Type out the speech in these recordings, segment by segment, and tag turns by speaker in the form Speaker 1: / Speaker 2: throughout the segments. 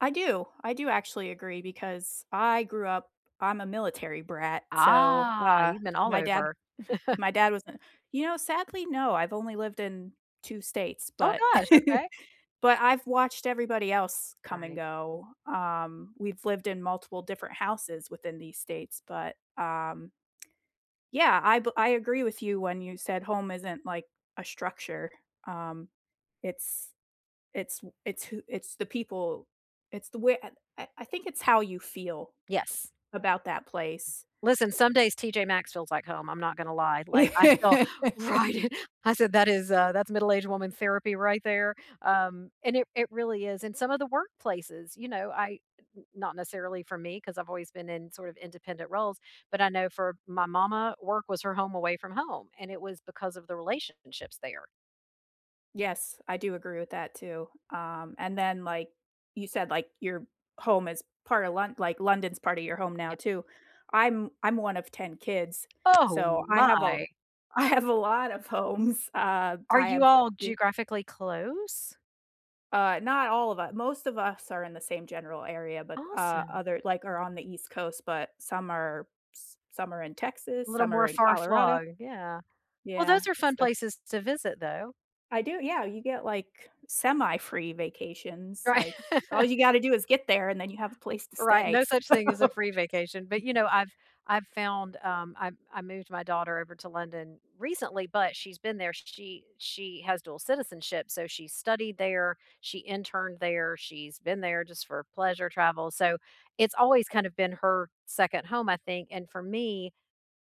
Speaker 1: I do. I do actually agree because I grew up I'm a military brat, so,
Speaker 2: Ah,
Speaker 1: uh,
Speaker 2: you've been all
Speaker 1: my dad,
Speaker 2: over.
Speaker 1: uh, he my dad was a you know, sadly, no. I've only lived in 2 states,
Speaker 2: Oh
Speaker 1: but
Speaker 2: gosh! Okay.
Speaker 1: but I've watched everybody else come and
Speaker 2: Right.
Speaker 1: go. Um, we've lived in multiple different houses within these states but, um yeah, I be I agree with you when you said home isn't, like, a structure, um, it's it's w it's who it's the people it's the way I I I think it's how you feel
Speaker 2: Yes.
Speaker 1: about that place.
Speaker 2: Listen, some days TJ Maxx feels like home, I'm not gonna lie. Like, I feel right at I said that is uh, that's middle-aged woman therapy right there, um, and it it really is, and some of the workplaces. You know, I n not necessarily for me 'cause I've always been in sort of independent roles, but I know for my mama, work was her home away from home, and it was because of the relationships there.
Speaker 1: Yes, I do agree with that too. Um, and then, like, you said, like, your home is part of Lon like, London's part of your home now
Speaker 2: Yeah
Speaker 1: too. I'm I'm one of 10 kids,
Speaker 2: Oh,
Speaker 1: so I have a
Speaker 2: my!
Speaker 1: I have a lot of homes. Uh,
Speaker 2: Are
Speaker 1: I
Speaker 2: you
Speaker 1: have
Speaker 2: all
Speaker 1: be
Speaker 2: geographically close?
Speaker 1: Uh, not all of u most of us are in the same general area but, uh,
Speaker 2: Awesome.
Speaker 1: other like, are on the East Coast, but some are s some are in
Speaker 2: A
Speaker 1: Texas,
Speaker 2: little
Speaker 1: some are
Speaker 2: more
Speaker 1: in Colorado
Speaker 2: far-flung, yeah. Well,
Speaker 1: Yeah,
Speaker 2: those are fun
Speaker 1: so
Speaker 2: places to visit, though.
Speaker 1: I do. Yeah, you get, like, semi-free vacations.
Speaker 2: Right.
Speaker 1: Like, all you gotta do is get there and then you have a place to
Speaker 2: Right,
Speaker 1: stay,
Speaker 2: no
Speaker 1: so
Speaker 2: such thing as a free vacation, but, you know, I've I've found, um, I I moved my daughter over to London recently, but she's been there, she she has dual citizenship, so she studied there, she interned there, she's been there just for pleasure travel, so it's always kind of been her second home, I think, and for me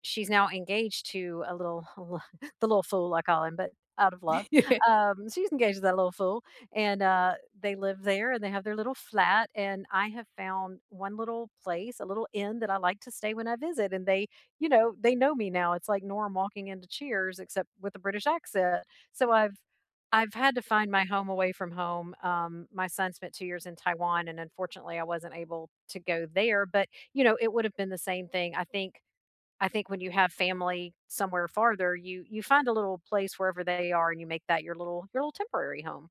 Speaker 2: she's now engaged to a little a li the little fool I call him, but out of love. Um, she's engaged to that little fool and, uh, they live there and they have their little flat, and I have found 1 little place a little inn that I like to stay when I visit, and they you know, they know me now. It's, like, Norm walking into Cheers except with a British accent. So I've I've had to find my home away from home. Um, my son spent 2 years in Taiwan and unfortunately, I wasn't able to go there, but, you know, it would’ve been the same thing, I think I think when you have family somewhere farther, you you find a little place wherever they are and you make that your little your little temporary home.